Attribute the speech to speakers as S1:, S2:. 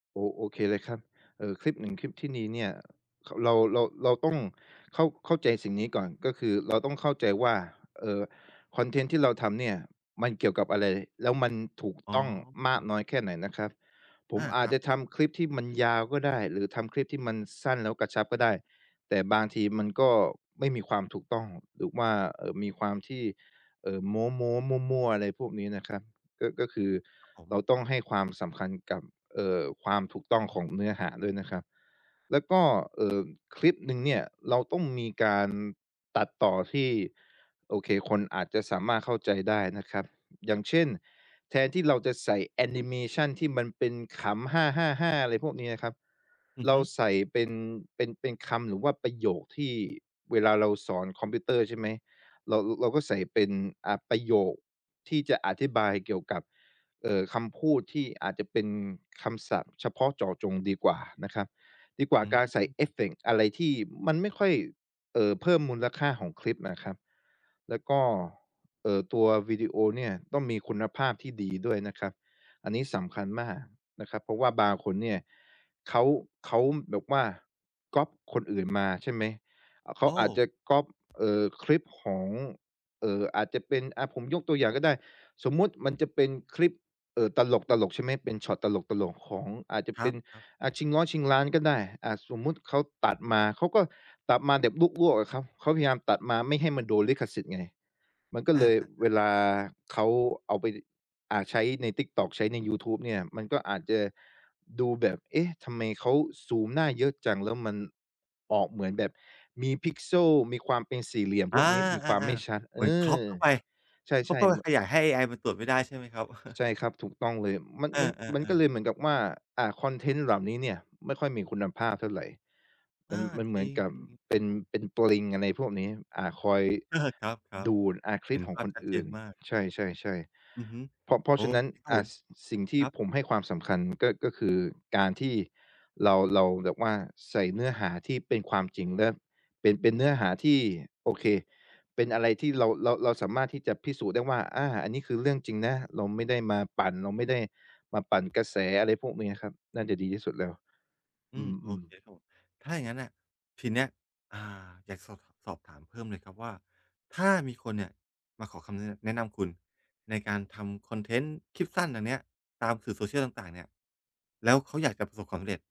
S1: โอ โอเคเลยครับ เอ่อ คลิป 1 คลิป ที่นี้เนี่ย ข เรา เรา เราต้องเข้า เข้าใจสิ่งนี้ก่อน ก็คือเราต้องเข้าใจว่า เอ่อ คอนเทนต์ที่เราทำเนี่ยมันเกี่ยวกับอะไร แล้วมันถูก
S2: อ๋อ
S1: ต้องมากน้อยแค่ไหนนะครับ ผ
S2: อ
S1: ม
S2: า
S1: อา
S2: คร
S1: จ
S2: ับ
S1: จะทำคลิปที่มันยาวก็ได้ หรือทำคลิปที่มันสั้นแล้วกระชับก็ได้ แต่บางทีมันก็ไม่มีความถูกต้อง หรือว่า เอ่อ มีความที่ เอ่อ โม้ ๆ มั่ว ๆ อะไรพวกนี้นะครับ ก็ ก็คือ
S2: ครับผ
S1: เรา
S2: ม
S1: ต้องให้ความสำคัญกับ เอ่อ ความถูกต้องของเนื้อหาด้วยนะครับ แล้วก็ เอ่อ คลิปหนึ่งเนี่ยเราต้องมีการตัดต่อที่ โอเค คนอาจจะสามารถเข้าใจได้นะครับ อย่างเช่น แทนที่เราจะใส่แอนิเมชันที่มันเป็นขำ ฮ่า ๆ ๆ อะไรพวกเนี้ยนะครับ
S2: อือ
S1: เร
S2: ฮ
S1: า
S2: ึ
S1: ใส่เป็น เป็น เป็นคำ หรือว่าประโยคที่ เวลาเราสอนคอมพิวเตอร์ใช่ไหม เรา เราก็ใส่เป็น อ่า ประโยคที่จะอธิบายเกี่ยวกับ เอ่อ คำพูดที่อาจจะเป็นคำศัพท์เฉพาะเจาะจงดีกว่านะครับ ดีกว่
S2: อ
S1: า
S2: ื
S1: การใส่
S2: ม
S1: เอฟเฟกต์อะไรที่มันไม่ค่อย เอ่อ เพิ่มมูลค่าของคลิปนะครับ แล้วก็ เอ่อ ตัววิดีโอเนี่ยต้องมีคุณภาพที่ดีด้วยนะครับ อันนี้สำคัญมากนะครับ เพราะว่าบางคนเนี
S2: อ
S1: ่
S2: ือฮ
S1: ย
S2: ึ
S1: เขา เขาแบบว่าก๊อบคนอื่นมาใช่ไหม เข
S2: โ
S1: า
S2: อ
S1: อาจจ
S2: ้!
S1: ะก๊อบ เอ่อ คลิปของ เอ่อ อาจจะเป็น อ่า ผมยกตัวอย่างก็ได้ สมมุติมันจะเป็นคลิป เอ่อ ตลก ๆ ใช่ไหม เป็นช็อตตลก ๆ ของ อาจจะ
S2: คร
S1: เป
S2: ั
S1: ็น
S2: บ ๆ
S1: อ่า ชิงล้อชิงล้านก็ได้ อ่า สมมุติเขาตัดมา เขาก็ตัดมาแบบลวก ๆ อะครับ เขาพยายามตัดมาไม่ให้มันโดนลิขสิทธิ์ไง มันก็
S2: อ
S1: เลย
S2: า ๆ ๆ
S1: เวลาเขาเอาไป อ่า ใช้ใน TikTok ใช้ในยูทูบเนี่ย มันก็อาจจะดูแบบ เอ๊ะ ทำไมเขาซูมหน้าเยอะจัง แล้วมันออกเหมือนแบบมี Pixel มีความเป็นสี่เหลี่ยม
S2: อ
S1: พ
S2: า
S1: วกนี้ มีความไม่ช
S2: ๆ
S1: ัด
S2: ๆ เ
S1: เ
S2: ห
S1: อ
S2: มือน
S1: อ
S2: Crop เข้าไป
S1: ใ
S2: เขา
S1: ช่
S2: ก็ไป
S1: ๆ ม
S2: ขยายให้เอไอมันตรวจไม่ได้ใช่ไหมครับ?
S1: ใช่ครับ ถูกต้องเลย มัน
S2: เอ
S1: มัน มันก็
S2: อ ๆ
S1: เ
S2: ๆ
S1: ลยเหมือนกับว่า อ่า คอนเทนต์เหล่านี้เนี่ยไม่ค่อยมีคุณภาพเท่าไร
S2: อ
S1: มั
S2: า
S1: น มันเห
S2: จ
S1: ม
S2: ร
S1: ือ
S2: ิ
S1: นกับ
S2: ง ๆ ๆ ค
S1: เป
S2: รั
S1: ็
S2: บ
S1: น
S2: ผม
S1: เป็นปลิงอะไรพวกนี้ อ่า คอย
S2: เออ ครับ
S1: ดูด อ่า ค
S2: ๆ
S1: ล
S2: เห
S1: ิ
S2: ็
S1: ป
S2: น
S1: ขอ
S2: ภ
S1: ง
S2: า
S1: ค
S2: พ
S1: น
S2: ชัด
S1: อ
S2: เจ
S1: ื่
S2: น
S1: น
S2: มาก
S1: ใช่
S2: อือฮ
S1: ๆ
S2: ึ
S1: ๆ เพราะ เพรา
S2: โอ
S1: ะฉะนั้
S2: เ
S1: น
S2: ค ครับ
S1: อ
S2: ผ
S1: ะ
S2: ม
S1: สิ่งที
S2: ค
S1: ่
S2: รับ
S1: ผมให้ความสำคัญก็ ก็คือการที่เรา เราแบบว่าใส่เนื้อหาที่เป็นความจริง และเป็น เป็นเนื้อหาที่โอเค เป็นอะไรที่เรา เรา เราสามารถที่จะพิสูจน์ได้ว่า อา อันนี้คือเรื่องจริงนะ เราไม่ได้มาปั่น เราไม่ได้มาปั่นกระแส อะไรพวกเนี้ยครับ น่าจะดีที่สุดแล้ว
S2: อ
S1: อ
S2: ืม โอ
S1: ืม
S2: เค
S1: ๆ
S2: ครับผม ถ้าอย่างงั้นอะทีเนี้ย อ่า อยากสอบ สอบถามเพิ่มเลยครับว่า ถ้ามีคนเนี่ยมาขอคำแนะ แนะนำคุณ ในการทำคอนเทนต์คลิปสั้นอันเนี้ยตามสื่อ Social ต่าง ๆ เนี่ย แล้วเขาอยากจะประสบความสำเร็จ